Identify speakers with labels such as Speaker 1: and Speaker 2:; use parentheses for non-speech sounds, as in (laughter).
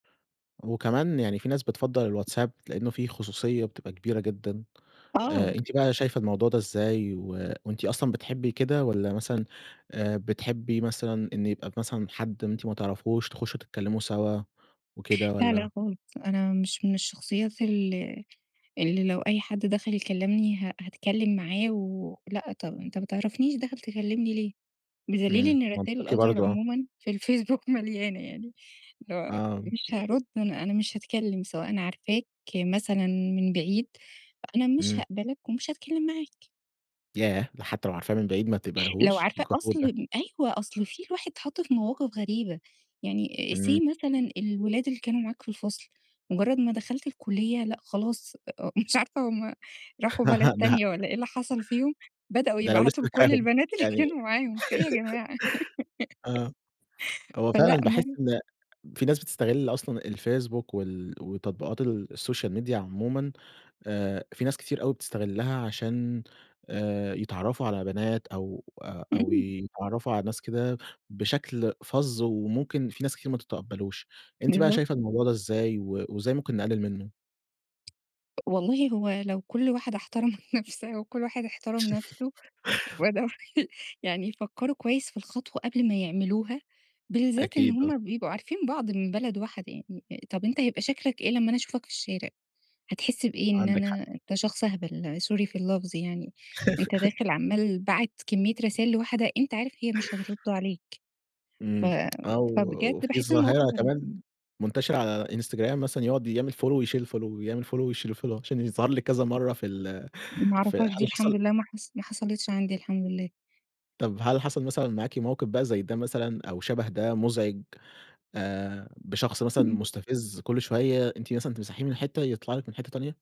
Speaker 1: وكمان يعني في ناس بتفضّل الواتساب؛ لإنه فيه خصوصية بتبقى كبيرة جدًا،
Speaker 2: آه.
Speaker 1: آآ أنتِ بقى شايفة الموضوع ده إزاي؟ و وأنتِ أصلًا بتحبي كده والّا مثلًا آآ، بتحبي مثلًا إن يبقى مثلًا حد أنتِ ما تعرفهوش تخشوا تتكلموا سوا وكده
Speaker 2: لا، لا
Speaker 1: والّا؟
Speaker 2: خالص، أنا مش من الشخصيات اللي اللي لو أي حد دخل يكلمني ه هاتكلم معاه و لأ، طب أنتَ ما تعرفنيش داخل تكلمني ليه؟! بدليل
Speaker 1: إمم،
Speaker 2: إن رسايل
Speaker 1: منطقي
Speaker 2: الOther
Speaker 1: برضه آه.
Speaker 2: عمومًا في الفيسبوك مليانة يعني اللي هو
Speaker 1: آه.
Speaker 2: مش هارُد أنا أنا مش هاتكلم سواء أنا عارفاك مثلًا من بعيد، أنا مش
Speaker 1: امم.
Speaker 2: هاقبلك ومش هاتكلم معاك.
Speaker 1: ياه! ده حتى لو عارفاه من بعيد ما
Speaker 2: لو
Speaker 1: بتقبليهوش،
Speaker 2: عارفاه
Speaker 1: جحود ده.
Speaker 2: أصل، أيوه أصل في الواحد اتحط في مواقف غريبة، يعني
Speaker 1: امم.
Speaker 2: say مثلًا الولاد اللي كانوا معاك في الفصل، مجرد ما دخلت الكلية، لأ خلاص مش عارفة هم راحوا بلد
Speaker 1: (giggles) ده
Speaker 2: تانية، والَّا ايه اللي حصل فيهم، بدأوا
Speaker 1: ده لو لسه
Speaker 2: يبعتوا لكل
Speaker 1: فاكراهم
Speaker 2: البنات اللي
Speaker 1: يعني
Speaker 2: كانوا
Speaker 1: (giggles)
Speaker 2: معاهم، في إيه يا جماعة؟
Speaker 1: آه،
Speaker 2: (giggles)
Speaker 1: هو
Speaker 2: فلأ
Speaker 1: فعلًا باحس
Speaker 2: يعني
Speaker 1: إن في ناس بتستغل أصلًا الفيسبوك وال وتطبيقات السوشيال ميديا عمومًا، آآ، في ناس كتير أوي بتستغلها عشان، آآ، يتعرّفوا على بنات أو أو
Speaker 2: امم.
Speaker 1: يتعرفوا على ناس كده بشكل فَظّ، وممكن في ناس كتير ما تتقبلوش، أنتِ بقى شايفة
Speaker 2: بالضبط.
Speaker 1: الموضوع ده إزاي، و وإزاي ممكن نقلل منه؟
Speaker 2: والله هو لو كل واحدة احترمت نفسها وكل واحد احترم نفسه
Speaker 1: (laughs)
Speaker 2: وبدأوا يعني يفكروا كويس في الخطوة قبل ما يعملوها، بالذات إن
Speaker 1: أكيد، آه.
Speaker 2: هم بيبقوا عارفين بعض من بلد واحدة يعني، طب أنت يبقى شكلك إيه لما أنا أشوفك في الشارع؟! هتحس بإيه إن
Speaker 1: عندِك حق.
Speaker 2: أنا أنت شخص أهبل sorry في اللفظ يعني، أنتَ
Speaker 1: (giggles)
Speaker 2: داخل عمال باعت كمية رسايل لواحدة أنت عارف هي مش هترد عليك، ف
Speaker 1: امم، أو
Speaker 2: فبجد
Speaker 1: وفي
Speaker 2: باحس المواقف
Speaker 1: ظاهرة
Speaker 2: غري
Speaker 1: كمان منتشرة على إنستجرام مثلًا يقعد يعمل Follow ويشيل الFollow يعمل Follow ويشيل الFollow عشان يظهر لِك كذا مَرّة في ال
Speaker 2: ما
Speaker 1: في
Speaker 2: أعرفهاش
Speaker 1: هل
Speaker 2: دي الحمد
Speaker 1: حصل
Speaker 2: لله، ما حص ما حصلتش عندي الحمد لله.
Speaker 1: طب هل حصل مثلًا معاكِ موقف بقى زي ده مثلًا أو شبه ده مزعج، آآ، بشخص مثلًا
Speaker 2: (unintelligible)
Speaker 1: مستفز، كل شوية أنتِ مثلًا تمسحيه من حتة يطلع لِك من حتة تانية؟